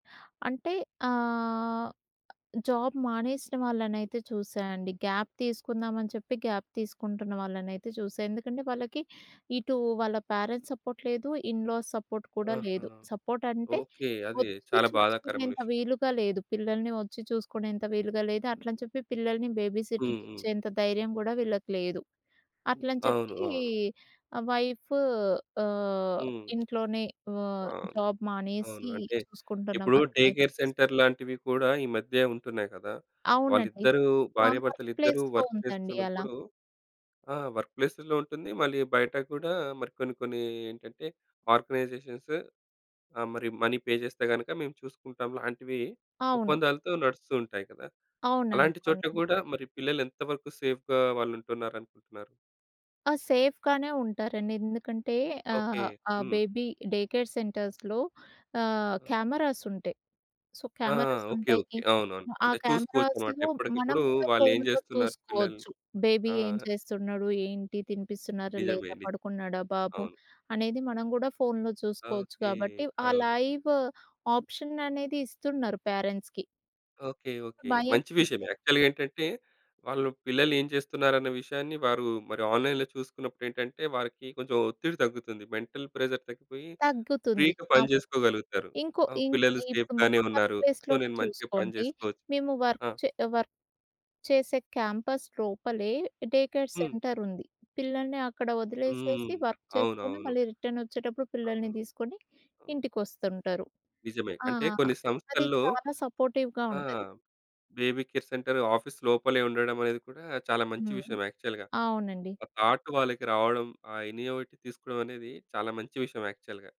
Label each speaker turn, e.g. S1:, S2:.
S1: అంటే ఆహ్, జాబ్ మానేసిన వాళ్ళనైతే చూసాయండి గాప్ తీసుకుందామని చెప్పి గాప్ తీసుకుంటున్న వాళ్ళనైతే చూసా. ఎందుకంటే వాళ్ళకి ఇటు వాళ్ళ ప్యారెంట్స్ సపోర్ట్ లేదు, ఇన్ లాస్ సపోర్ట్ కూడా
S2: ఆహా!
S1: లేదు. సపోర్ట్ అంటే
S2: ఓకే. అది
S1: వచ్చి
S2: చాలా బాధాకరమైన విషయం.
S1: చుపించుకునేంత వీలుగా లేదు పిల్లల్ని వచ్చి చూసుకునేంత వీలుగా లేదు అట్లని చెప్పి పిల్లల్ని
S2: హ్మ్,
S1: బేబీసిటర్‌కి
S2: హ్మ్.
S1: ఇచ్చేంత ధైర్యం కూడా వీళ్ళకి లేదు. అట్లని
S2: అవును.
S1: చెప్పి
S2: అవును.
S1: వైఫు ఆహ్,
S2: హ్మ్.
S1: ఇంట్లోనే ఆహ్,
S2: అవును.
S1: జాబ్
S2: అవును.
S1: మానేసి
S2: అంటే ఇప్పుడు
S1: చూసుకుంటున్నవారు
S2: డే
S1: లైఫ్
S2: కేర్ సెంటర్ లాంటివి కూడా ఈ మధ్య ఉంటున్నాయి కదా!
S1: అవునండి.
S2: వాళ్ళిద్దరూ
S1: మా వర్క్
S2: భార్యాభర్తలిద్దరూ
S1: ప్లేస్‌లో
S2: వర్క్
S1: ఉందండి అలా.
S2: చేస్తున్నప్పుడు ఆ! వర్క్ ప్లేసు‌ల్లో ఉంటుంది. మళ్ళీ బయట కూడా మరి కొన్ని కొన్ని ఏంటంటే ఆర్గనైజేషన్స్ ఆ! మరి మనీ పే చేస్తే గనక మేము చూసుకుంటాంలాంటివి
S1: అవును.
S2: ఒప్పందాలతో నడుస్తూతుంటాయి కదా!
S1: అవునండి.
S2: అలాంటి చోట్ల
S1: అవునండి.
S2: కూడా మరి పిల్లలు ఎంతవరకు సేఫ్‌గా వాళ్ళు ఉంటున్నారనుకుంటున్నారు?
S1: ఆ! సేఫ్‌గానే ఉంటారండి. ఎందుకంటే
S2: ఓకే.
S1: ఆహ్, ఆ
S2: హ్మ్.
S1: బేబీ డే కేర్ సెంటర్స్‌లో ఆహ్,
S2: ఆ!
S1: కెమెరాస్ ఉంటాయి. సో,
S2: ఆ! ఆ!
S1: Cameras
S2: okay okay.
S1: ఉంటాయి.
S2: అవునవును.
S1: ఆ
S2: అంటే చూసుకోవచ్చన్నమాట.
S1: కెమెరాస్‌లో మనం
S2: ఎప్పటికప్పుడు
S1: కూడా
S2: వాళ్ళు ఏం
S1: ఫోన్‌లో
S2: చేస్తున్నారు పిల్లలు.
S1: చూసుకోవచ్చు. బేబీ
S2: ఆ!
S1: ఏం చేస్తున్నాడు ఏంటి తినిపిస్తున్నారా
S2: నిజమే.
S1: లేదా?
S2: ని
S1: పడుకున్నాడా బాబు
S2: అవును.
S1: అనేది మనం కూడా ఫోన్‌లో చూసుకోవచ్చు
S2: ఓకే.
S1: కాబట్టి ఆ
S2: అవును.
S1: లైవ్ ఆప్షన్ అనేది ఇస్తున్నారు ప్యారెంట్స్‌కి.
S2: ఓకే. ఓకే.
S1: భయం ఎం
S2: మంచి
S1: ఉండదు.
S2: విషయమే. యాక్చువల్‌గా ఏంటంటే వాళ్ళు పిల్లలు ఏం చేస్తున్నారన్న విషయాన్ని వారు మరి ఆన్‌లైన్‌లో చూసుకున్నప్పుడు ఏంటంటే వారికి కొంచెం ఒత్తిడి తగ్గుతుంది. మెంటల్ ప్రెషర్ తగ్గిపోయి
S1: తగ్గుతుంది.
S2: ఫ్రీ‌గా
S1: అవును.
S2: పనిచేసుకోగలుగుతారు.
S1: ఇంకో
S2: ఆ!
S1: ఇంక్
S2: పిల్లలు
S1: ఇప్పుడు మా
S2: సేఫ్‌గానే
S1: వర్క్
S2: ఉన్నారు. సో
S1: ప్లేస్‌లోనే
S2: నేను మంచిగా పని
S1: చూసుకోండి.
S2: చేసుకోవచ్చు.
S1: మేము వర్క్
S2: ఆ!
S1: చే వర్క్ చేసే క్యాంపస్‌ లోపలే డే కేర్
S2: హ్మ్.
S1: సెంటర్ ఉంది. పిల్లల్ని అక్కడ
S2: హ్మ్.
S1: వదిలేసేసి వర్క్ చేసుకొని
S2: అవునవును.
S1: మళ్ళీ రిటర్న్ వచ్చేటప్పుడు పిల్లల్ని
S2: అవును.
S1: దిసుకొని
S2: అవును.
S1: ఇంటికి వస్తుంటారు.
S2: నిజమే.
S1: ఆ!
S2: అంటే కొన్ని
S1: అది
S2: సంస్థల్లో
S1: చాలా సపోర్టివ్‌గా
S2: ఆ!
S1: ఉంటది.
S2: బేబీ కేర్ సెంటర్ ఆఫీస్ లోపలే ఉండడమనేది కూడా చాలా మంచి
S1: హ్మ్.
S2: విషయం యాక్చువల్‌గా.
S1: అవునండి.
S2: ఆ థాట్ వాళ్ళకి రావడం ఆ ఇన్నోవేటివ్ తీసుకోవడం అనేది చాలా మంచి విషయం యాక్చువల్‌గా.